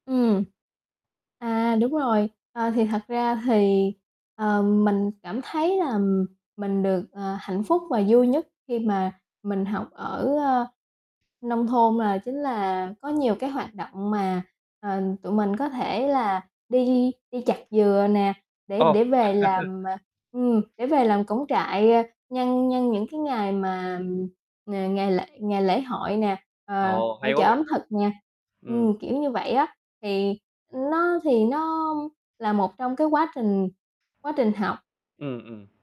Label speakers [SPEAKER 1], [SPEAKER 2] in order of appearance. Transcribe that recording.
[SPEAKER 1] Ừm. À, đúng rồi. Ờ, thì thật ra thì, ờ, mình cảm thấy là mình được, ờ, hạnh phúc và vui nhất khi mà mình học ở, ơ, nông thôn là chính là có nhiều cái hoạt động mà, ờ, tụi mình có thể là đi đi chặt dừa nè, để
[SPEAKER 2] Ồ.
[SPEAKER 1] để về làm, ờ ừm, để về làm cổng trại, ơ, nhân nhân những cái ngày mà ng ngày lễ ngày lễ hội nè, ờ,
[SPEAKER 2] Ồ, hay
[SPEAKER 1] hội
[SPEAKER 2] quá
[SPEAKER 1] chợ
[SPEAKER 2] vậy
[SPEAKER 1] ẩm
[SPEAKER 2] ta.
[SPEAKER 1] thực nè
[SPEAKER 2] Ừm.
[SPEAKER 1] ừm, kiểu như vậy á, thì, ưm, nó thì nó là một trong cái quá trình quá trình học.
[SPEAKER 2] Ừm, ừm.